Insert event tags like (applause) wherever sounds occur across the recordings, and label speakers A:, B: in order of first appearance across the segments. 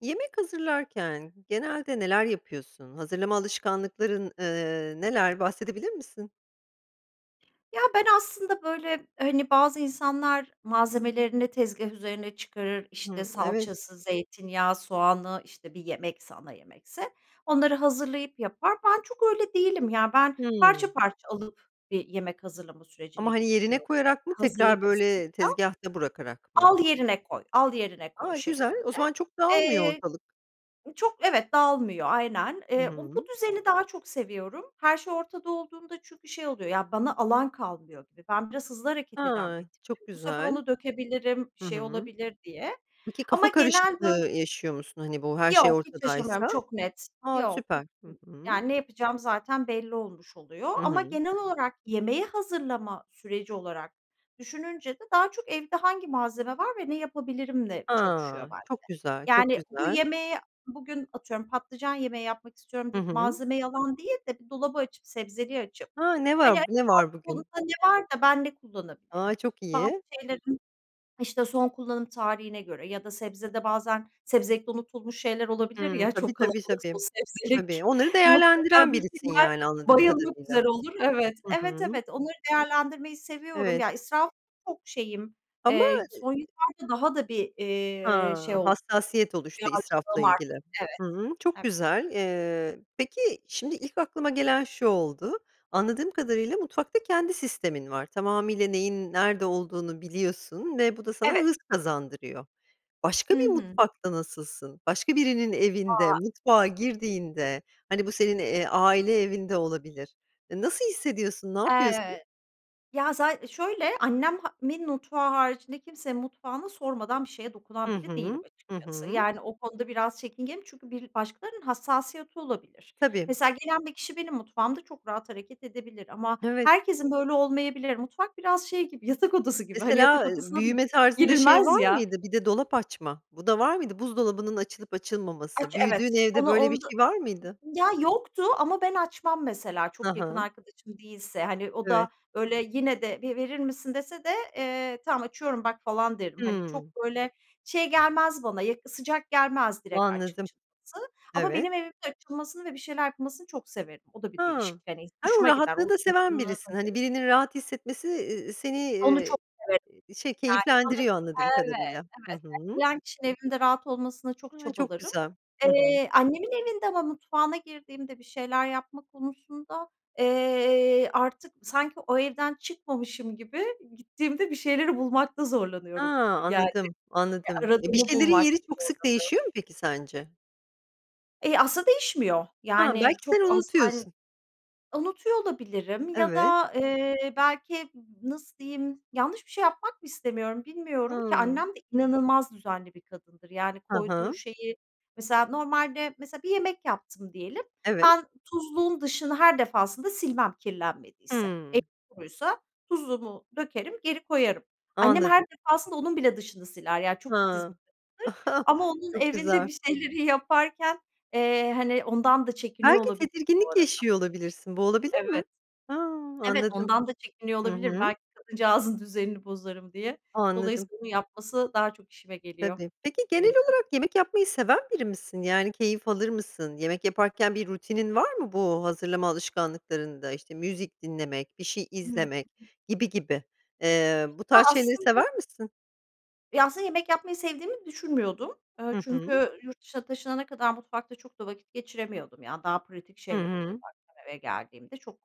A: Yemek hazırlarken genelde neler yapıyorsun? Hazırlama alışkanlıkların, ııı, neler, bahsedebilir misin?
B: Ya ben aslında böyle hani, bazı insanlar malzemelerini tezgâh üzerine çıkarır, işte
A: Hımm, evet.
B: salçası, zeytinyağı, soğanı, işte bir yemekse, ana yemekse onları hazırlayıp yapar. Ben çok öyle değilim ya, ben
A: Hımm.
B: parça parça alıp bir yemek hazırlama sürecine
A: Ama hani, yerine
B: girişiyorum. E,
A: koyarak mı, tekrar
B: hazırlık
A: böyle
B: kısmında.
A: tezgâhta bırakarak mı?
B: Al yerine koy, al yerine koy
A: A! Güzel.
B: şeklinde.
A: O zaman çok dağılmıyor
B: Eee,
A: ortalık.
B: çok Evet, dağılmıyor aynen.
A: I
B: Eee, u bu
A: hı.
B: düzeni daha çok seviyorum. Her şey ortada olduğunda çünkü şey oluyor, ya bana alan kalmıyor gibi. Ben biraz hızlı hareket eden
A: A,
B: bir
A: çok
B: tipim. Bu sefer
A: güzel.
B: onu dökebilirim,
A: Hı
B: şey
A: hı.
B: olabilir diye.
A: Peki,
B: Ama
A: kafa
B: genel böl
A: karışıklığı yaşıyor musun, hani, bu her şey
B: Yok, hiç yaşamıyorum,
A: ortadaysa?
B: çok net.
A: A,
B: Yok, hiç
A: süper. Hı
B: Ya
A: hı.
B: ne yapacağım zaten belli olmuş oluyor
A: Hı
B: ama
A: hı.
B: genel olarak yemeği hazırlama süreci olarak düşününce de daha çok evde hangi malzeme var ve ne yapabilirimle çalışıyor
A: Ha,
B: bende.
A: çok güzel, çok
B: Yani bu
A: güzel.
B: yemeğe bugün, atıyorum, "Patlıcan yemeği yapmak istiyorum,"
A: Hı
B: deyip
A: hı.
B: malzemeyi alan değil de bir dolabı açıp, sebzeliği açıp,
A: Ha, ne
B: hani,
A: var bu? Ne var
B: acaba
A: bugün?
B: (unintelligible) ne var da ben ne kullanabilirim?
A: A, çok
B: Bazı
A: iyi.
B: şeylerin işte, son kullanım tarihine göre ya da sebzede bazen sebzelikte unutulmuş şeyler olabilir
A: Hımm.
B: ya,
A: Tabii,
B: çok
A: tabii,
B: kalabalıksa
A: tabii.
B: o
A: Tabii.
B: sebzelik.
A: Onları
B: Mutlaka
A: değerlendiren
B: bir
A: birisin,
B: şeyler
A: yani, anladığım
B: bayılmak
A: kadarıyla.
B: üzere olur Evet.
A: Hı hı.
B: Evet, evet, onları değerlendirmeyi seviyorum.
A: Evet.
B: Ya israf çok şeyim,
A: Ama e
B: eee, son yıllarda daha da bir, eee, şey
A: Ha,
B: ol
A: hassasiyet oluştu
B: biraz
A: israfla
B: (unintelligible) arttı
A: ilgili.
B: Evet.
A: Hı hı, çok
B: Ev
A: güzel. Eee, peki şimdi ilk aklıma gelen şu oldu. Anladığım kadarıyla mutfakta kendi sistemin var. Tamamıyla neyin nerede olduğunu biliyorsun ve bu da sana
B: Evet.
A: hız kazandırıyor. Başka
B: Hı
A: bir
B: hı.
A: mutfakta nasılsın? Başka birinin evinde,
B: A!
A: mutfağa girdiğinde hani, bu senin, eee, aile evin de olabilir, e, nasıl hissediyorsun, ne yapıyorsun?
B: Eee ya, za şöyle, annem ha min mutfağı haricinde kimsenin mutfağına sormadan bir şeye
A: Hı
B: dokunan biri değilim,
A: hı. Hı
B: açıkçası.
A: hı.
B: Yani, o konuda biraz çekingenim çünkü bir başkalarının hassasiyeti olabilir.
A: Tabii.
B: Mesela, gelen bir kişi benim mutfağımda çok rahat hareket edebilir ama
A: Evet.
B: herkesin böyle olmayabilir. Mutfak biraz şey gibi yatak odası gibi hani yatak
A: Mesela, eee,
B: odasına da
A: büyüme tarzında şey
B: girilmez
A: var
B: ya.
A: mıydı? Bir de dolap açma, bu da var mıydı? Buzdolabının açılıp açılmaması,
B: Aç
A: büyüdüğün
B: evet.
A: evde
B: Onu
A: böyle bir
B: onda
A: şey var mıydı?
B: ya, yoktu ama ben açmam mesela
A: Ha
B: çok yakın
A: ha.
B: arkadaşım değilse, hani o da
A: Evet.
B: böyle yine de "Bir verir misin?" dese de, eee, "Tamam, açıyorum, bak!" falan derim, hani çok
A: Hımm.
B: böyle şey gelmez bana, yakı sıcak gelmez direkt aç
A: Anladım,
B: açılması ama
A: evet.
B: benim evimde açılmasını ve bir şeyler yapılmasını çok severim, o da bir
A: Ha.
B: değişik, hani,
A: Ay, o
B: hoşuma gider,
A: rahatlığı
B: o
A: da seven
B: yakınlığı Hı
A: birisin. Hani,
B: hı.
A: birinin rahat hissetmesi i i seni,
B: Onu
A: iii,
B: çok severim,
A: eee, şey,
B: yani, bana (unintelligible)
A: keyiflendiriyor anladığım kadarıyla. Hı
B: Evet, evet.
A: hı.
B: (unintelligible) kişinin evimde rahat olmasına çok
A: A, çok
B: çabalarım.
A: güzel. Hı hı.
B: Eee, annemin evinde ama mutfağına girdiğimde bir şeyler yapma konusunda, eee, artık sanki o evden çıkmamışım gibi gittiğimde bir şeyleri bulmakta
A: Ha,
B: zorlanıyorum, yani,
A: anladım,
B: eee,
A: anladım. E, bir
B: aradığımı
A: şeylerin
B: bulmakta
A: yeri çok sık
B: zorlanıyorum.
A: değişiyor mu peki sence?
B: E, aslında değişmiyor.
A: Ha, belki
B: Yani,
A: sen
B: çok az an
A: unutuyorsun.
B: unutuyor olabilirim ya
A: Evet.
B: da, eee, belki nasıl diyeyim, yanlış bir şey yapmak mı istemiyorum, bilmiyorum ki?
A: Hımm.
B: Annem de inanılmaz düzenli bir kadındır. Yani,
A: Hı
B: koyduğu
A: hı.
B: şeyi, mesela normalde, mesela bir yemek yaptım diyelim;
A: Evet.
B: ben tuzluğun dışını her defasında silmem kirlenmediyse. Elim
A: Hımm.
B: kuruysa tuzluğumu dökerim, geri koyarım. Annem her
A: Anladım.
B: defasında onun bile dışını siler. Yani, çok titiz
A: Ha,
B: bir kadındır
A: (chuckles)
B: ama onun
A: çok
B: evinde
A: güzel.
B: bir şeyleri yaparken, eee, hani, ondan da çekiniyor
A: Belki
B: olabilirim bu
A: tedirginlik
B: arada.
A: yaşıyor olabilirsin, bu olabilir
B: Evet,
A: mi? Ha,
B: evet
A: anladım,
B: ondan da çekiniyor
A: hı
B: olabilirim,
A: hı.
B: belki kadıncağızın düzenini bozarım diye.
A: Anladım.
B: Dolayısıyla bunu yapması daha çok işime geliyor,
A: Tabii. Peki
B: onun
A: genel
B: evinde.
A: olarak yemek yapmayı seven biri misin? Yani keyif alır mısın, yemek yaparken bir rutinin var mı bu hazırlama alışkanlıklarında? İşte müzik dinlemek, bir şey
B: Hı hı.
A: izlemek gibi gibi. Eee, bu
B: Ya
A: tarz şeyleri
B: aslında
A: sever misin?
B: Ya, aslında yemek yapmayı sevdiğimi düşünmüyordum. Eee,
A: Hı hı.
B: çünkü yurt dışına taşınana kadar mutfakta çok da vakit geçiremiyordum. Yani, daha pratik
A: Hı
B: şeyler oluyordu,
A: hı.
B: akşam eve geldiğimde. Çok,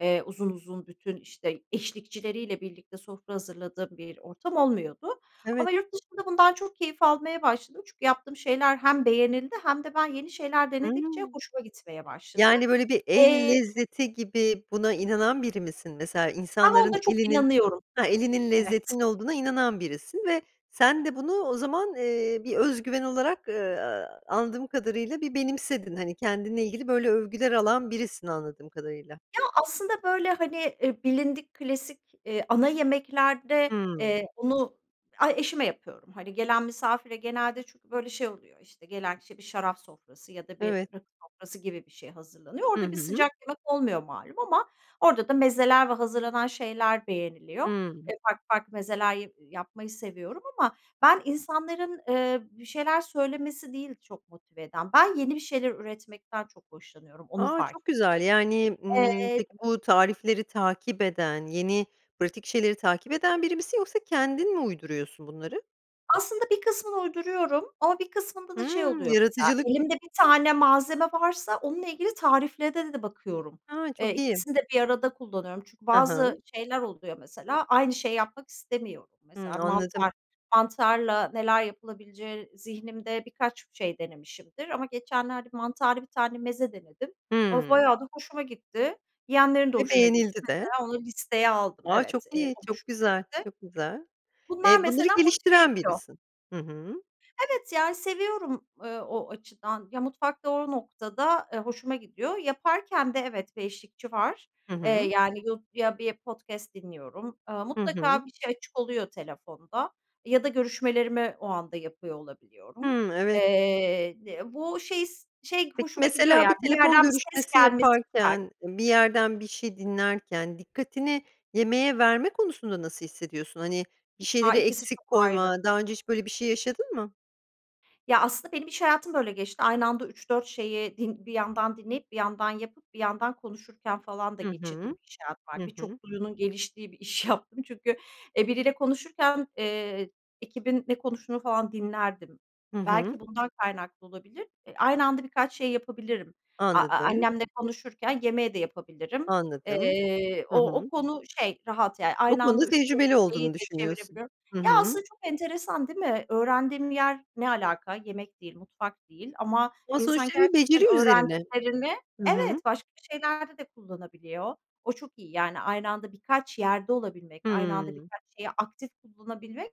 B: eee, uzun uzun bütün, işte, eşlikçileriyle birlikte sofra hazırladığım bir ortam olmuyordu
A: Evet.
B: ama yurt dışında bundan çok keyif almaya başladım. Çünkü yaptığım şeyler hem beğenildi hem de ben yeni şeyler denedikçe
A: Hımm.
B: hoşuma gitmeye başladı,
A: Yani böyle bir el
B: eee
A: lezzeti gibi buna inanan biri misin? Mesela
B: Ben
A: insanların
B: onda çok
A: elinin
B: inanıyorum,
A: ha, elinin
B: evet.
A: lezzetinin olduğuna inanan birisin ve sen de bunu o zaman, eee, bir özgüven olarak, eee, anladığım kadarıyla bir benimsedin hani kendinle ilgili böyle övgüler alan birisin anladığım kadarıyla.
B: Ya, aslında böyle, hani, eee, bilindik klasik, eee, ana yemeklerde,
A: Hımm.
B: eee, bunu ay, eşime yapıyorum. Hani, gelen misafire genelde çünkü böyle şey oluyor, işte, gelen kişi bir şarap sofrası ya da bir
A: Evet.
B: rakı sofrası gibi bir şey hazırlanıyor.
A: Hı
B: Orada bir
A: hı.
B: sıcak yemek olmuyor malum ama orada da mezeler ve hazırlanan şeyler beğeniliyor.
A: Hımm.
B: Eee, farklı farklı mezeler ya yapmayı seviyorum ama ben insanların, eee, bir şeyler söylemesi değil, çok motive eden. Ben yeni bir şeyler üretmekten çok hoşlanıyorum, onu
A: A!
B: fark
A: Çok güzel, yani,
B: ettim,
A: ımm,
B: eee
A: peki bu tarifleri takip eden, yeni pratik şeyleri takip eden biri misin yoksa kendin mi uyduruyorsun bunları?
B: Aslında bir kısmını uyduruyorum ama bir kısmında da şey
A: Hımm.
B: oluyor, mesela
A: Yaratıcılık.
B: elimde bir tane malzeme varsa onunla ilgili tariflere de bakıyorum.
A: Ha,
B: Eee,
A: çok iyi.
B: ikisini de bir arada kullanıyorum; çünkü
A: Hı hı.
B: bazı şeyler oluyor, mesela, aynı şeyi yapmak istemiyorum.
A: Hıı.
B: Mesela
A: Anladım.
B: mantar; mantarla neler yapılabileceği zihnimde birkaç şey denemişimdir ama geçenlerde mantarlı bir tane meze denedim, (unintelligible)
A: Hıı.
B: bayağı da hoşuma gitti, yeğenlerin de
A: Ve
B: hoşuna gitti.
A: beğenildi de.
B: Mesela, onu listeye aldım,
A: A, çok
B: evet, eee,
A: iyi,
B: o
A: çok
B: hoşuma
A: güzel,
B: gitti.
A: çok güzel.
B: Bunlar
A: Eee, bunları
B: mesela motive
A: geliştiren
B: ediyor.
A: birisin. Hı hı.
B: Evet, yani seviyorum, eee, o açıdan, ya, mutfakta o noktada, eee, hoşuma gidiyor. Yaparken de, evet, bir eşlikçi var,
A: Hı
B: eee,
A: hı.
B: yani, yu ya bir podcast dinliyorum. Eee,
A: Hı hı.
B: mutlaka bir şey açık oluyor telefonda ya da görüşmelerimi o anda yapıyor olabiliyorum.
A: Hıı, evet.
B: Eee, di bu şey s, şey
A: Peki,
B: hoşuma gidiyor
A: mesela bir
B: ya, bir
A: telefon
B: yerden bir ses
A: görüşmesi
B: gelmesi güzel.
A: yaparken, bir yerden bir şey dinlerken, dikkatini yemeğe verme konusunda nasıl hissediyorsun? Hani, bir
B: A,
A: şeyleri
B: ikisi çok
A: eksik
B: ayrı.
A: koyma, daha önce hiç böyle bir şey yaşadın mı?
B: Ya, aslında benim iş hayatım böyle geçti. Aynı anda 3-4 şeyi din bir yandan dinleyip bir yandan yapıp bir yandan konuşurken falan da
A: Hı
B: geçirdiğim
A: hı.
B: bir iş hayatım vardı.
A: Hı hı.
B: Birçok duyunun geliştiği bir iş yaptım çünkü, e, biriyle konuşurken, eee, ekibin ne konuştuğunu falan dinlerdim.
A: Hı hı.
B: Belki bundan kaynaklı olabilir. E, aynı anda birkaç şey yapabilirim. A a
A: Anladım.
B: annemle konuşurken yemeği de yapabilirim.
A: Anladım.
B: Eee,
A: Hı
B: o o
A: hı.
B: konu şey, rahat yani.
A: Bu
B: Aynı
A: konuda
B: anda 3-4
A: tecrübeli
B: şeyi
A: olduğunu
B: de
A: düşünüyorsun.
B: çevirebiliyorum.
A: Hı
B: Ya,
A: hı.
B: aslında çok enteresan değil mi? Öğrendiğim yer ne alaka? Yemek değil, mutfak değil ama
A: Ama
B: insan
A: sonuçta bir
B: gerçekten
A: beceri üzerine.
B: öğrendiklerini
A: Hı hı.
B: Evet, başka şeylerde de kullanabiliyor. O çok iyi yani. Aynı anda birkaç yerde olabilmek, aynı anda
A: Hımm.
B: birkaç şeyi aktif kullanabilmek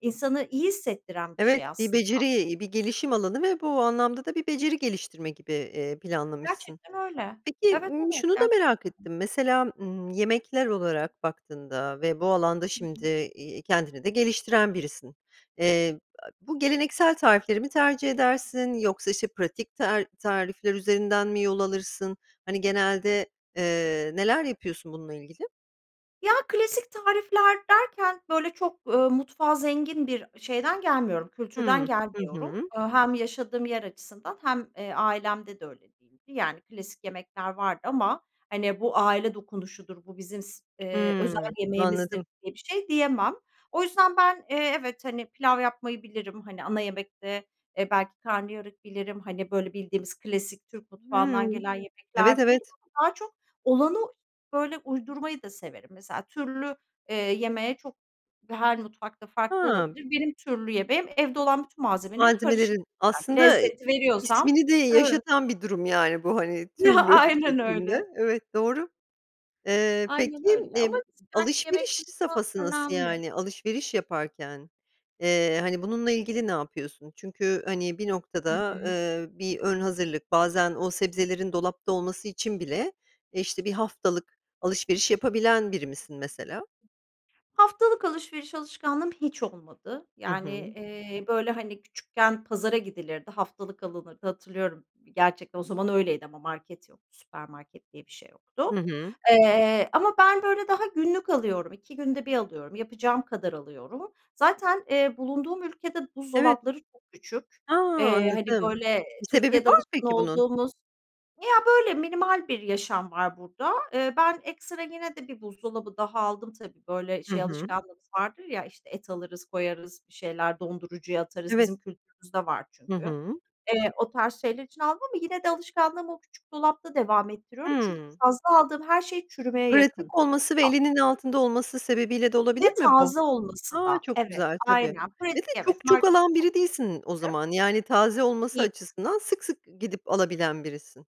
B: insanı iyi hissettiren bir
A: Evet,
B: şey
A: bir
B: aslında.
A: beceri, bir gelişim alanı ve bu anlamda da bir beceri geliştirme gibi, eee, planlamışsın.
B: Gerçekten öyle.
A: Peki,
B: Evet,
A: ımm,
B: evet
A: şunu da
B: ger
A: merak ettim: Mesela, ımm, yemekler olarak baktığında ve bu alanda
B: Hı
A: şimdi,
B: hı.
A: iii, kendini de geliştiren birisin. Eee, a bu geleneksel tarifleri mi tercih edersin, yoksa, işte, pratik tar tarifler üzerinden mi yol alırsın? Hani, genelde, eee, neler yapıyorsun bununla ilgili?
B: Ya, klasik tarifler derken, böyle, çok, ııı, mutfağa zengin bir şeyden gelmiyorum, kültürden
A: Hımm. Hı
B: gelmiyorum.
A: hı.
B: Hem yaşadığım yer açısından hem ailemde de öyle değildi. Yani klasik yemekler vardı ama, hani, bu aile dokunuşudur, bu bizim si özel
A: Hımm.
B: yemeğimizdir
A: Anladım.
B: diye bir şey diyemem. O yüzden ben, eee, evet, hani, pilav yapmayı bilirim, hani, ana yemekte, eee, belki karnıyarık bilirim. Hani, böyle bildiğimiz klasik Türk mutfağından
A: Hımm.
B: gelen
A: Evet,
B: yemekler bilirim
A: evet.
B: ama daha çok olanı böyle uydurmayı da severim. Mesela türlü, eee, yemeği çok her mutfak da farklı
A: Hımm.
B: olabilir. Benim türlü yemeğim, evde olan bütün malzemelerin karışımı,
A: Malzemelerin
B: (unintelligible)
A: aslında i i
B: lezzeti
A: i
B: veriyorsam
A: ismini de
B: Evet.
A: yaşatan bir durum, yani bu, hani, türlü şe
B: (chuckles) Aynen
A: şeklinde.
B: öyle.
A: Evet, doğru. Iıı,
B: Aynen
A: peki,
B: öyle ama
A: emm,
B: sıcak
A: alışveriş
B: yemek kısmı
A: safhası nasıl
B: önemli.
A: yani? Alışveriş yaparken, ııı, hani, bununla ilgili ne yapıyorsun? Çünkü, hani, bir
B: Hı
A: noktada,
B: hı.
A: ııı, bir ön hazırlık, bazen o sebzelerin dolapta olması için bile, işte, 1 haftalık alışveriş yapabilen biri misin mesela?
B: Haftalık alışveriş alışkanlığım hiç olmadı.
A: Hı
B: Yani,
A: hı.
B: eee, böyle, hani, küçükken pazara gidilirdi, haftalık alınırdı; hatırlıyorum. Gerçekten o zaman öyleydi ama market yoktu, süpermarket diye bir şey
A: Hı
B: yoktu.
A: hı.
B: Iıı, ama ben, böyle, daha günlük alıyorum, 2 günde bir alıyorum, yapacağım kadar alıyorum. Zaten, eee, bulunduğum ülkede
A: Evet.
B: buzdolapları çokküçük,
A: A!
B: eee, hani,
A: Anladım.
B: böyle,
A: Bir sebebi
B: Türkiye'de
A: var mı
B: alışkın
A: peki bunun?
B: olduğumuz Ya, böyle minimal bir yaşam var burada. Iıı, ben ekstra yine de bir buzdolabı daha aldım tabii. Böyle,
A: Hı
B: şey
A: hı.
B: alışkanlığımız vardır ya: İşte, et alırız koyarız, bir şeyler dondurucuya atarız;
A: Evet.
B: bizim kültürümüzde var
A: Hı
B: çünkü.
A: hı.
B: Eee, o tarz şeyler için aldım ama yine de alışkanlığımı o küçük dolapta devam ettiriyorum çünkü
A: Hımm.
B: fazla aldığım her şey çürümeye yakın.
A: Pratik olması ve elinin altında olması sebebiyle de olabilir
B: Ve
A: mi bu?
B: taze olması
A: A,
B: da
A: çok
B: Evet.
A: güzel tabii
B: Aynen,
A: ve
B: pratik.
A: de
B: Evet,
A: çok çok
B: marketi
A: alan
B: çok
A: biri değilsin o
B: iyi. (unintelligible)
A: zaman. Yani taze olması
B: İyi.
A: açısından sık sık gidip alabilen birisin.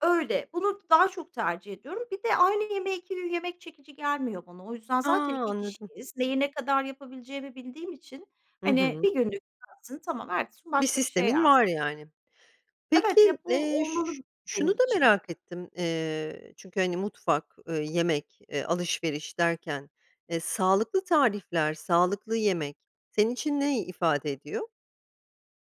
B: Öyle. Bunu d daha çok tercih ediyorum. Bir de aynı yemeğe 2 gün yemek çekici gelmiyor bana. O yüzden
A: A!
B: zaten 2
A: Anladım.
B: kişiyiz. Neyi, ne kadar yapabileceğimi bildiğim için,
A: Hı
B: hani,
A: hı.
B: 1 günlük yensin, tamam, ertesi gün
A: Bir
B: başka bir şey
A: sistemin
B: yensin.
A: var yani.
B: Evet.
A: Peki,
B: Ya, bu
A: eee, ş ş
B: olmalı
A: şunu
B: benim
A: da
B: için.
A: merak ettim, ııı, çünkü, hani, mutfak, ııı, yemek, eee, alışveriş derken, eee, sağlıklı tarifler, sağlıklı yemek senin için ney ifade ediyor?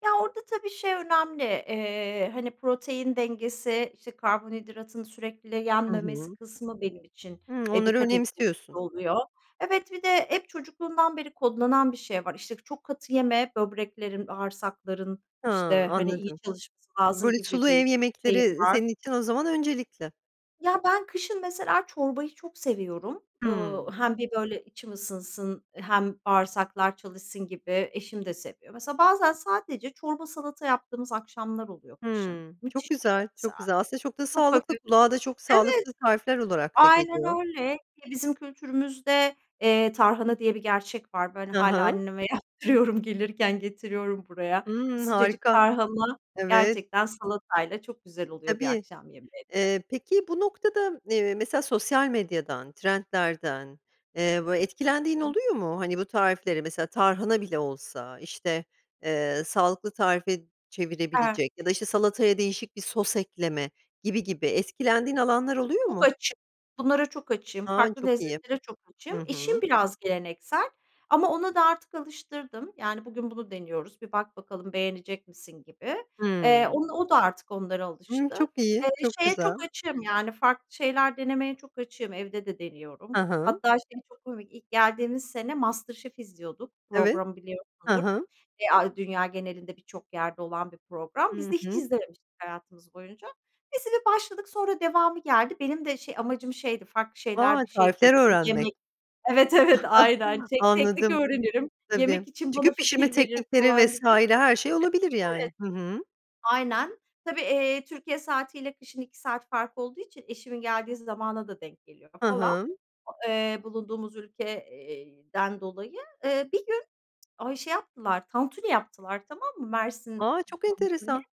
B: Ya, orada, tabii, şey önemli, eee, hani, protein dengesi, işte, karbonhidratın sürekli
A: Hı
B: yenmemesi
A: hı.
B: kısmı benim için,
A: Hımm.
B: eee,
A: Onları
B: dikkat ettiğim bir şey
A: önemsiyorsun.
B: oluyor. Evet, bir de hep çocukluğumdan beri kodlanan bir şey var. İşte, çok katı yeme. Böbreklerin, bağırsakların
A: Ha,
B: işte, hani, iyi
A: anladım.
B: çalışması lazım
A: Böyle
B: gibi
A: sulu ev
B: bir şeyim
A: yemekleri
B: var.
A: senin için o zaman öncelikli.
B: Ya, ben kışın mesela çorbayı çok seviyorum. Iıı,
A: Hımm.
B: hem bir böyle içim ısınsın hem bağırsaklar çalışsın gibi. Eşim de seviyor. Mesela bazen sadece çorba, salata yaptığımız akşamlar oluyor kışın.
A: Hımm. Çok
B: Müthiş oluyor
A: güzel, çok
B: mesela.
A: güzel. Aslında çok da
B: Çok
A: sağlıklı,
B: hafif.
A: kulağa da çok
B: Evet,
A: sağlıklı tarifler olarak da
B: aynen
A: geliyor.
B: öyle. Ki bizim kültürümüzde, eee, "tarhana" diye bir gerçek var. Böyle
A: Hı
B: hâlâ
A: hı.
B: anneme yaptırıyorum. Gelirken getiriyorum buraya. Bir
A: Hımm.
B: sıcacık
A: Harika.
B: tarhana
A: Evet.
B: gerçekten salatayla çok güzel
A: E,
B: oluyor bir
A: tabii.
B: akşam yemeğinde.
A: Eee, peki bu noktada, m, eee, mesela sosyal medyadan, trendlerden, eee, bö
B: Hı
A: etkilendiğin
B: hı.
A: oluyor mu? Hani, bu tariflere mesela, tarhana bile olsa, işte, eee, sağlıklı tarife
B: E
A: çevirebilecek ya da, işte, salataya değişik bir sos ekleme gibi gibi, etkilendiğin alanlar oluyor
B: Çok
A: mu?
B: açığım. Bunlara çok açığım.
A: Ha,
B: Farklı
A: çok iyi!
B: lezzetlere çok
A: Hı
B: açığım. Eşim
A: hı.
B: biraz geleneksel, ama ona da artık alıştırdım. Yani, bugün bunu deniyoruz, bir bak bakalım, beğenecek misin gibi. Eee,
A: Hımm.
B: onu o da artık onlara
A: Hımm.
B: alıştı.
A: Çok
B: Eee,
A: iyi, çok
B: şeye çok
A: güzel.
B: açığım yani, farklı şeyler denemeye çok açığım. Evde de deniyorum.
A: Ha ha.
B: Hatta şey çok komik: İlk geldiğimiz sene Master Chef izliyorduk.
A: Evet.
B: Programı
A: Ha
B: biliyorsundur.
A: ha.
B: E a dünya genelinde birçok yerde olan bir program. Biz
A: Hı
B: de hiç
A: hı.
B: izlememiştik hayatımız boyunca. Biz bir başladık, sonra devamı geldi. Benim de şey amacım şeydi; farklı
A: A,
B: şeyler, bir şey
A: tarifler
B: görürüm.
A: öğrenmek.
B: Yemek Evet, evet, aynen.
A: (chuckles)
B: Tek teknik
A: Anladım.
B: öğrenirim, yemek
A: Tabii.
B: için
A: Çünkü
B: bana
A: pişirme
B: fikir verir
A: teknikleri
B: falan
A: vs.
B: gibi.
A: her şey olabilir
B: Evet.
A: yani. Hı hı.
B: Aynen, tabii, eee, Türkiye saatiyle kışın 2 saat fark olduğu için eşimin geldiği zamana da denk geliyor
A: Hı
B: falan,
A: hı.
B: o, eee, bulunduğumuz ülke, iii, den dolayı. Eee, bir gün, ay, şey yaptılar. Tantuni yaptılar tamam mı, Mersin
A: A, çok
B: Tantuni.
A: enteresan!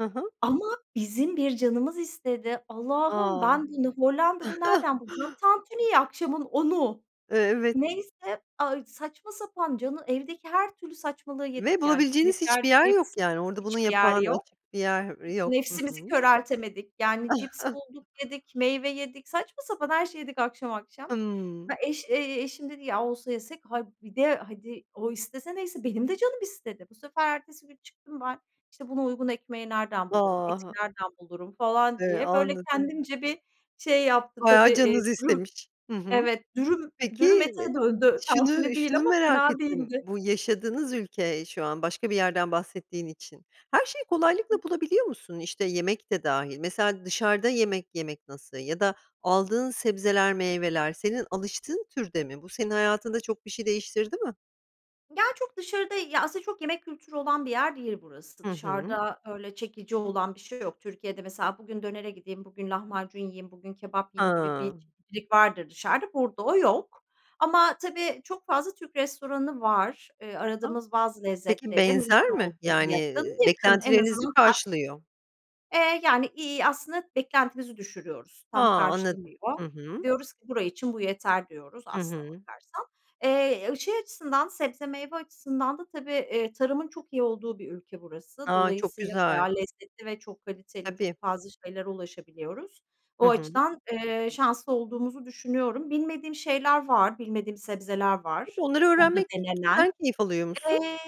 A: Hı hı.
B: Ama bizim bir canımız istedi. Allah'ım,
A: A!
B: ben bunu Hollanda'da nereden bulacağım,
A: (chuckles)
B: tantuniyi? Akşamın 10.00'u.
A: E evet.
B: Neyse, ay saçma sapan, canı evdeki her türlü saçmalığı yedik
A: Ve
B: yani.
A: bulabileceğiniz
B: Şeker,
A: hiçbir yer
B: cips...
A: yok yani. Orada bunun
B: Hiçbir yer
A: yapan
B: yok.
A: açık bir yer yok. Hı
B: Nefsimizi
A: hı.
B: köreltemedik yani; cips bulduk
A: (chuckles)
B: yedik, meyve yedik, saçma sapan her şeyi yedik akşam akşam.
A: Hımm.
B: He, eş ,eee, eşim dedi ya olsa yesek; hayır, bir de hadi o istese neyse, benim de canım istedi. Bu sefer ertesi gün çıktım ben, işte buna uygun ekmeği nereden
A: A!
B: bulurum, eti
A: Ha
B: nereden bulurum falan
A: Eee,
B: diye. Böyle
A: anladım.
B: kendimce bir şey yaptım tabii.
A: Bayağı
B: Eee,
A: canınız
B: dürüm
A: istemiş. Hı hı.
B: evet, dürüm,
A: Peki,
B: dürüm ete
A: iii,
B: döndü, tantuni
A: şunu
B: değil
A: şunu
B: ama
A: merak
B: fena
A: ettim.
B: değildi.
A: Bu yaşadığınız ülke şu an, başka bir yerden bahsettiğin için. Her şeyi kolaylıkla
B: Hı.
A: bulabiliyor musun? İşte, yemek de dâhil. Mesela dışarıda yemek yemek nasıl? Ya da aldığın sebzeler, meyveler senin alıştığın türde mi? Bu senin hayatında çok bir şey değiştirdi mi?
B: Ya, çok dışarıda, ya, aslında çok yemek kültürü olan bir yer değil burası.
A: Hı hı.
B: Dışarıda öyle çekici olan bir şey yok. Türkiye'de mesela bugün dönere gideyim, bugün lahmacun yiyeyim, bugün kebap yiyeyim gibi
A: Ha.
B: bir çeşitlilik vardır dışarıda, burada o yok. Ama tabii çok fazla Türk restoranı var. Eee,
A: A.
B: aradığımız bazı
A: Peki
B: lezzetleri
A: benzer
B: mümkün
A: mi?
B: olduğunca
A: Yani,
B: yakın,
A: ııı,
B: yakın en
A: beklentilerinizi
B: azından ta
A: karşılıyor.
B: Eee, yani, iii, aslında beklentimizi düşürüyoruz,
A: Ha,
B: tam
A: anladım.
B: karşılamıyor.
A: Hı hı.
B: Diyoruz ki bura için bu yeter diyoruz
A: Hı
B: aslına
A: hı.
B: bakarsan. Eee, ı şey açısından, sebze meyve açısından da tabii, eee, tarımın çok iyi olduğu bir ülke burası.
A: A, çok
B: Dolayısıyla
A: güzel.
B: bayağı lezzetli ve çok kaliteli, çok
A: Tabii.
B: fazla şeylere ulaşabiliyoruz.
A: Hı
B: O
A: hı.
B: açıdan, eee, şanslı, olduğumuzu düşünüyorum. Bilmediğim şeyler var. Bilmediğim sebzeler
A: Tabii,
B: var
A: onları
B: burada
A: öğrenmekten
B: denenen.
A: keyif alıyor musun?
B: Eee,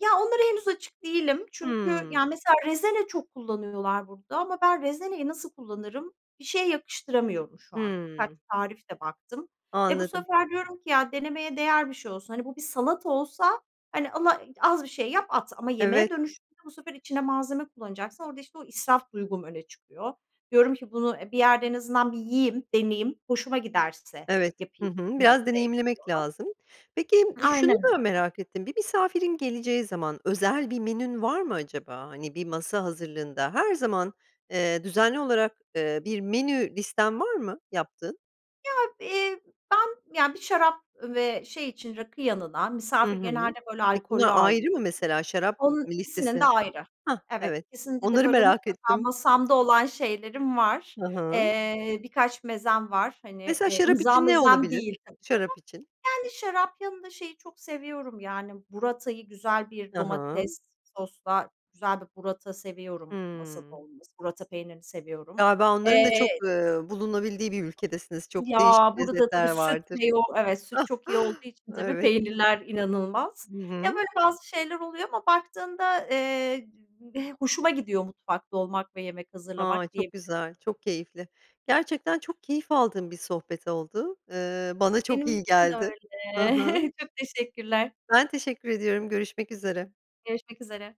B: ya onlara henüz açık değilim. Çünkü
A: Hımm.
B: yani mesela rezene çok kullanıyorlar burada ama ben rezeneyi nasıl kullanırım. Bir şeye yakıştıramıyorum şu anda. Birkaç
A: Hımm.
B: tarif de baktım. E, bu
A: Anladım.
B: sefer diyorum ki, "Ya denemeye değer bir şey olsun." Hani, bu bir salata olsa, hani, ala az bir şey yap at. Ama
A: Evet.
B: yemeğe dönüşünce bu sefer içine malzeme kullanacaksın orada işte o israf duygum öne çıkıyor. Diyorum ki bunu, e, bir yerde en azından bir yiyeyim, deneyeyim, hoşuma giderse
A: Evet, hı
B: yapayım
A: hı,
B: bir
A: biraz
B: noktaya gidiyorum.
A: deneyimlemek lazım. Peki, m şunu
B: Aynen
A: da
B: öyle.
A: merak ettim. Bir misafirin geleceği zaman, özel bir menün var mı acaba. Hani, bir masa hazırlığında, her zaman, eee, düzenli olarak, eee, bir menü listen var mı yaptığın?
B: Ya, eee, ben ya bir şarap ve şey için rakı yanına
A: Hı
B: misafir
A: hı.
B: genelde böyle
A: Peki, bunlar
B: alkollü
A: ayrı mı
B: ağırlıyorum.
A: mesela, şarap
B: Onun
A: m
B: ikisinin de
A: listesi?
B: ayrı,
A: Hah,
B: evet.
A: evet.
B: İkisinde de
A: Onları
B: böyle
A: merak
B: mutlaka
A: ettim.
B: masamda olan şeylerim var.
A: Ha ha.
B: Eee, birkaç mezem var, hani,
A: Mesela
B: eee,
A: şarap
B: imza
A: için ne
B: mezem
A: olabilir?
B: değil tabii
A: Şarap için.
B: ama. Yani şarap yanında şeyi çok seviyorum yani, burrata'yı güzel bir
A: Ha ha.
B: domates sosla güzel bir burrata seviyorum masada
A: Hımm.
B: olması, burrata peynirini seviyorum.
A: Galiba onların da çok,
B: Eee
A: eee, bulunabildiği bir ülkedesiniz, çok
B: Ya,
A: değişik
B: burada da bir
A: lezzetler
B: süt
A: vardır.
B: bir de yoğ evet, süt çok iyi olduğu
A: (chuckles)
B: için tabii
A: Evet. I
B: peynirler inanılmaz.
A: Hı
B: Ya,
A: hı.
B: böyle bazı şeyler oluyor ama baktığında, eee, (unintelligible) hoşuma gidiyor mutfakta olmak ve yemek
A: A,
B: hazırlamak
A: çok
B: diyebili
A: güzel, çok keyifli, gerçekten çok keyif aldığım bir sohbet oldu. Eee, bana çok
B: Benim
A: iyi
B: için de
A: geldi.
B: öyle,
A: Hı hı.
B: (chuckles) çok teşekkürler.
A: Ben teşekkür ediyorum görüşmek üzere.
B: Görüşmek üzere.